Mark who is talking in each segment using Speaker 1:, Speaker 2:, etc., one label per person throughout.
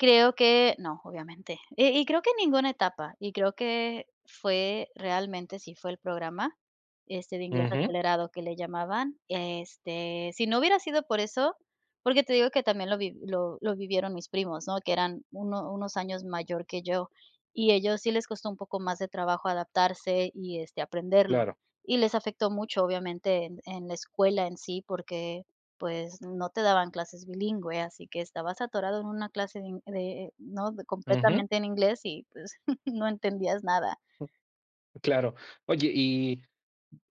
Speaker 1: Creo que no, obviamente. Y y creo que en ninguna etapa. Y creo que fue, realmente, sí fue el programa, este, de inglés
Speaker 2: Ujú.
Speaker 1: acelerado que le llamaban. Este, si no hubiera sido por eso porque te digo que también lo vi lo lo vivieron mis primos, ¿no?, que eran uno unos años mayor que yo, y ellos sí les costó un poco más de trabajo adaptarse y, este, aprenderlo.
Speaker 2: Claro.
Speaker 1: Y les afectó mucho, obviamente, en en la escuela en sí porque, pues, no te daban clases bilingüe, así que estabas atorado en una clase de ingl de ¿no?,
Speaker 2: Ujú.
Speaker 1: completamente en inglés y, pues, no entendías nada.
Speaker 2: Claro. Oye, y,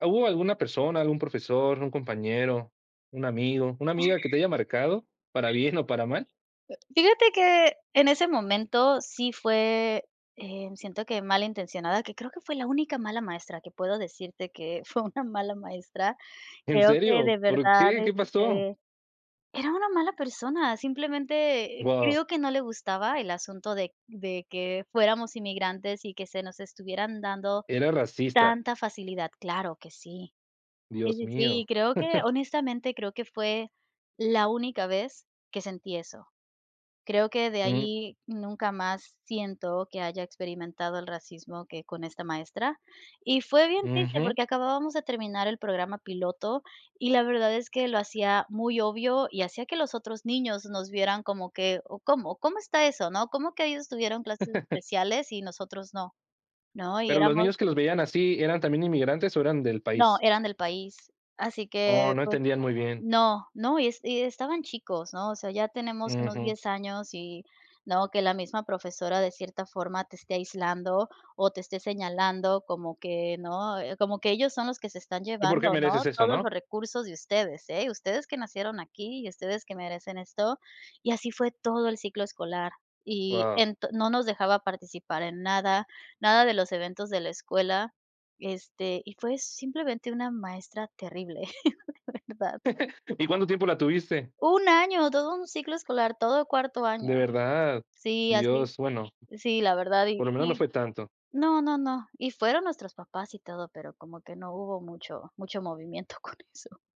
Speaker 2: ¿hubo alguna persona, algún profesor, un compañero, un amigo, una amiga que te haya marcado para bien o para mal?
Speaker 1: Fíjate que en ese momento sí fue, eh, siento que malintencionada, que creo que fue la única mala maestra que puedo decirte que fue una mala maestra.
Speaker 2: ¿En
Speaker 1: Creo que
Speaker 2: serio?,
Speaker 1: de
Speaker 2: ¿por
Speaker 1: verdad,
Speaker 2: qué?, ¿qué pasó?
Speaker 1: este era una mala persona. Simplemente
Speaker 2: Guau.
Speaker 1: creo que no le gustaba el asunto de de que fuéramos inmigrantes y que se nos estuvieran dando
Speaker 2: Era racista.
Speaker 1: tanta facilidad. Claro que sí. Sí,
Speaker 2: Dios
Speaker 1: sí, sí, y
Speaker 2: mío.
Speaker 1: creo que, honestamente, creo que fue la única vez que sentí eso. Creo que de
Speaker 2: Ujú.
Speaker 1: ahí nunca más siento que haya experimentado el racismo que con esta maestra. Y fue bien triste
Speaker 2: Ujú.
Speaker 1: porque acabábamos de terminar el programa piloto y la verdad es que lo hacía muy obvio y hacía que los otros niños nos vieran como que: “¿O cómo? ¿Cómo está eso? ¿No? ¿Cómo que ellos tuvieron clases especiales y nosotros no?", ¿no? Y
Speaker 2: Pero los
Speaker 1: éramos
Speaker 2: niños que los veían así, ¿eran también inmigrantes o eran del
Speaker 1: No,
Speaker 2: país?
Speaker 1: eran del país. Así
Speaker 2: Oh,
Speaker 1: que,
Speaker 2: no
Speaker 1: pues
Speaker 2: entendían muy bien.
Speaker 1: no, no, y es y estaban chicos, ¿no? O sea, ya tenemos unos
Speaker 2: Ujú.
Speaker 1: 10 años y, ¿no?, que la misma profesora de cierta forma te esté aislando o te esté señalando como que ¿no? Como que ellos son los que se están
Speaker 2: ¿Tú por qué
Speaker 1: llevando, ¿no?,
Speaker 2: mereces esto?
Speaker 1: todos
Speaker 2: ¿No?
Speaker 1: los recursos de ustedes, ¿eh?, ustedes que nacieron aquí y ustedes que merecen esto. Y así fue todo el ciclo escolar. Y
Speaker 2: Guau.
Speaker 1: ento no nos dejaba participar en nada, nada de los eventos de la escuela, este, y fue simplemente una maestra terrible de verdad.
Speaker 2: ¿Y cuánto tiempo la tuviste?
Speaker 1: ¡1 año! Todo un ciclo escolar, todo cuarto año.
Speaker 2: ¿De verdad?
Speaker 1: Sí, así.
Speaker 2: Dios, bueno
Speaker 1: Sí, la verdad,
Speaker 2: por
Speaker 1: y
Speaker 2: lo menos no
Speaker 1: y
Speaker 2: fue tanto.
Speaker 1: no, no, no, y fueron nuestros papás y todo pero como que no hubo mucho mucho movimiento con eso.